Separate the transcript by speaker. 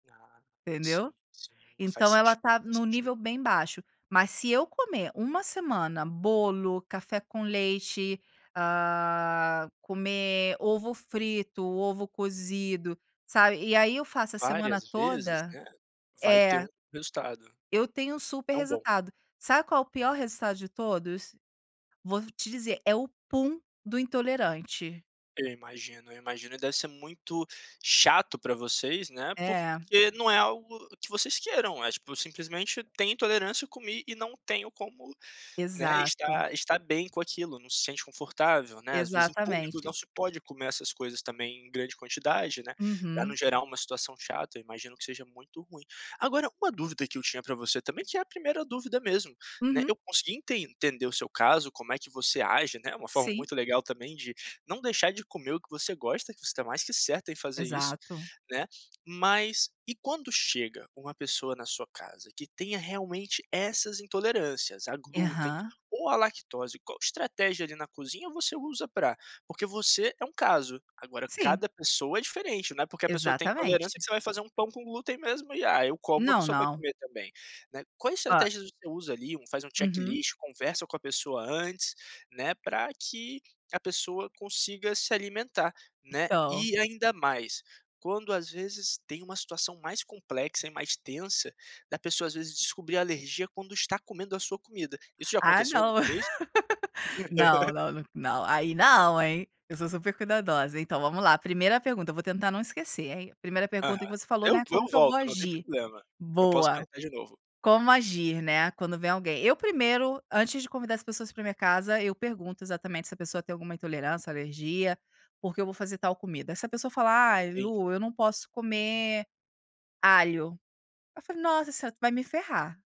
Speaker 1: Ia
Speaker 2: Entendeu?
Speaker 1: sim, sim, faz
Speaker 2: Então ela
Speaker 1: sentido,
Speaker 2: está em
Speaker 1: faz
Speaker 2: um
Speaker 1: sentido.
Speaker 2: nível bem baixo, mas se eu comer uma semana bolo, café com leite, hã, comer ovo frito, ovo cozido, sabe, e aí eu faço a semana
Speaker 1: Várias vezes,
Speaker 2: toda,
Speaker 1: né, vai ter
Speaker 2: é.
Speaker 1: um resultado,
Speaker 2: Eu tenho um super
Speaker 1: não bom.
Speaker 2: resultado, sabe qual é o pior resultado de todos? Vou te dizer é o pum do intolerante.
Speaker 1: Eu imagino, eu imagino deve ser muito chato para vocês, né,
Speaker 2: É.
Speaker 1: porque não é algo que vocês queiram, é tipo simplesmente tem intolerância comi e não tenho como, né,
Speaker 2: Exato.
Speaker 1: estar estar bem com aquilo, não se sente confortável, né, às vezes em público não
Speaker 2: Exatamente.
Speaker 1: se pode comer essas coisas também em grande quantidade, né, para não
Speaker 2: Uhum.
Speaker 1: gerar uma situação chata eu imagino que seja muito ruim. Agora uma dúvida que eu tinha para você também que é a primeira dúvida mesmo, né,
Speaker 2: Uhum.
Speaker 1: eu consegui entender o seu caso, como é que você age, né, uma forma
Speaker 2: Sim.
Speaker 1: muito legal também de não deixar de comer o que você gosta, que você está mais que certa em fazer isso,
Speaker 2: Exato.
Speaker 1: né, mas e quando chega uma pessoa na sua casa que tenha realmente essas intolerâncias, a glúten
Speaker 2: Aham.
Speaker 1: ou a lactose, qual estratégia ali na cozinha você usa para, porque você é um caso, agora
Speaker 2: Sim.
Speaker 1: cada pessoa é diferente, não é porque a pessoa tem intolerância
Speaker 2: Exatamente.
Speaker 1: que você vai fazer um pão com glúten mesmo e, ah, eu como a
Speaker 2: Não,
Speaker 1: pessoa vai
Speaker 2: não.
Speaker 1: comer também, né, quais
Speaker 2: Hã.
Speaker 1: estratégias você usa ali, um faz um
Speaker 2: Uhum.
Speaker 1: checklist, conversa com a pessoa antes, né, para que a pessoa consiga se alimentar, né,
Speaker 2: Então
Speaker 1: e ainda mais, quando às vezes tem uma situação mais complexa e mais tensa, da pessoa às vezes descobrir alergia quando está comendo a sua comida, isso já
Speaker 2: Ah
Speaker 1: aconteceu
Speaker 2: não,
Speaker 1: alguma vez?
Speaker 2: não, não, n não aí não hein, eu sou super cuidadosa. Então, vamos lá, primeira pergunta eu vou tentar não esquecer, hein, primeira pergunta que
Speaker 1: Aham,
Speaker 2: você falou,
Speaker 1: eu
Speaker 2: né,
Speaker 1: v eu
Speaker 2: como é que eu vou
Speaker 1: volto não tem
Speaker 2: agir?
Speaker 1: problema, eu posso
Speaker 2: Boa,
Speaker 1: perguntar de novo.
Speaker 2: como agir, né, quando vem alguém, eu primeiro antes de convidar as pessoas para minha casa eu pergunto exatamente se a pessoa tem alguma intolerância, alergia, porque eu vou fazer tal comida, essa pessoa fala: "Ai
Speaker 1: Entendi.
Speaker 2: Lu eu não posso comer alho", eu falo: "Nossa você vai me ferrar".